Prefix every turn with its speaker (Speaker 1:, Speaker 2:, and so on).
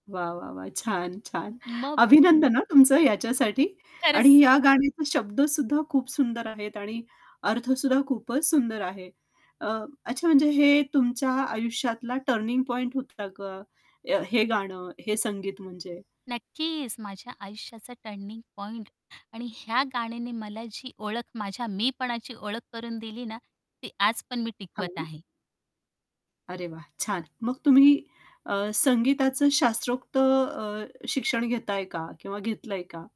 Speaker 1: वाह, वाह, वाह! छान, छान.
Speaker 2: म मग?
Speaker 1: अभिनंदन हां, तुमचं याच्यासाठी आणि
Speaker 2: खरंच.
Speaker 1: ह्या गाण्याचे शब्द सुद्धा खूप सुंदर आहेत आणि अर्थ सुद्धा खूपच सुंदर आहे. अ, अच्छा, म्हणजे हे तुमच्या आयुष्यातला टर्निंग पॉइंट होता का? अ, हे गाणं हे संगीत म्हणजे.
Speaker 2: नक्कीच. माझ्या आयुष्याचा टर्निंग पॉइंट आणि ह्या गाण्याने मला जी ओळख माझ्या मीपणाची ओळख करून दिली ना, ती आज पण मी टिकवत
Speaker 1: हां.
Speaker 2: आहे.
Speaker 1: अरे, वाह! छान. मग तुम्ही अ, संगीताचं शास्त्रोक्त अ, शिक्षण घेताय का किंवा घेतलंय का?